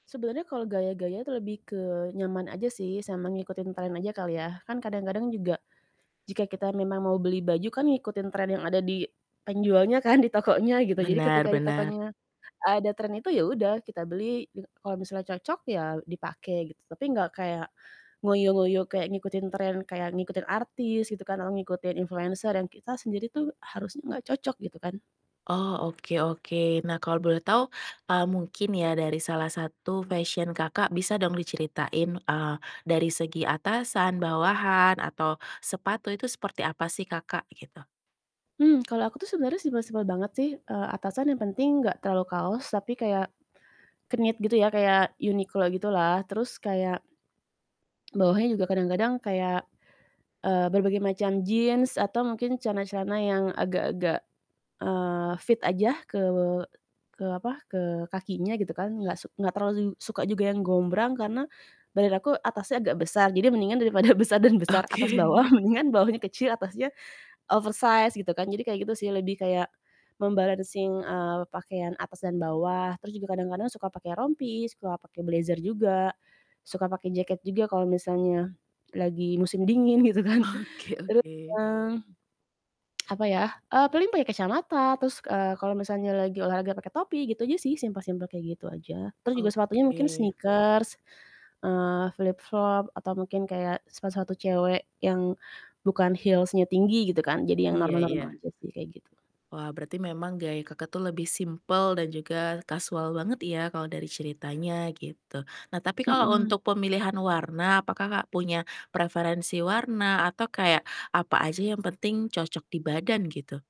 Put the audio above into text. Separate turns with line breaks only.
Sebenernya kalau gaya-gaya itu lebih ke nyaman aja sih, sama ngikutin trend aja kali ya, kan kadang-kadang juga jika kita memang mau beli baju kan ngikutin trend yang ada di penjualnya kan, di tokonya gitu, jadi
Benar
ketika di
benar.
tokonya ada trend itu, ya udah kita beli, gitu. Kalau misalnya cocok ya dipake gitu, tapi gak kayak ngoyo-ngoyo kayak ngikutin trend kayak ngikutin artis gitu kan, atau ngikutin influencer yang kita sendiri tuh harusnya gak cocok gitu kan.
Oh oke oke, nah kalau boleh tau, eee, mungkin ya dari salah satu fashion Kakak bisa dong diceritain, eee, dari segi atasan, bawahan, atau sepatu itu seperti apa sih Kakak gitu?
Mmm, kalo aku tuh sebenernya simpel-simpel banget sih, eee, atasan yang penting gak terlalu kaos tapi kayak, knit gitu ya kayak Uniqlo gitu lah terus kayak, bawahnya juga kadang-kadang kayak, eee, berbagai macam jeans atau mungkin celana-celana yang agak-agak, eee, fit aja ke ke apa, ke kakinya gitu kan, gak suk gak terlalu suka juga yang gombrang karena badan aku atasnya agak besar, jadi mendingan daripada besar dan besar, atas bawah
Oke.
mendingan bawahnya kecil atasnya oversized gitu kan jadi kayak gitu sih lebih kayak mem-balancing, eee, pakaian atas dan bawah. Terus juga kadang-kadang suka pakai rompi, suka pakai blazer juga, suka pakai jaket juga kalau misalnya lagi musim dingin gitu kan,
Oke
terus,
oke.
eee, apa ya, eee, paling pakai kacamata terus, eee, kalau misalnya lagi olahraga pakai topi gitu aja sih, simple-simple kayak gitu aja. Terus juga sepatunya mungkin
Oke.
sneakers, eee, flip-flop atau mungkin kayak sepatu-sepatu cewek yang bukan heels-nya tinggi gitu kan, jadi yang
Iya
normal-normal
iya.
aja sih kayak gitu.
Wah berarti memang gaya Kakak tuh lebih simple dan juga kasual banget ya kalau dari ceritanya gitu. Nah tapi kalau
Mhm.
untuk pemilihan warna apakah Kak punya preferensi warna atau kayak apa aja yang penting cocok di badan gitu?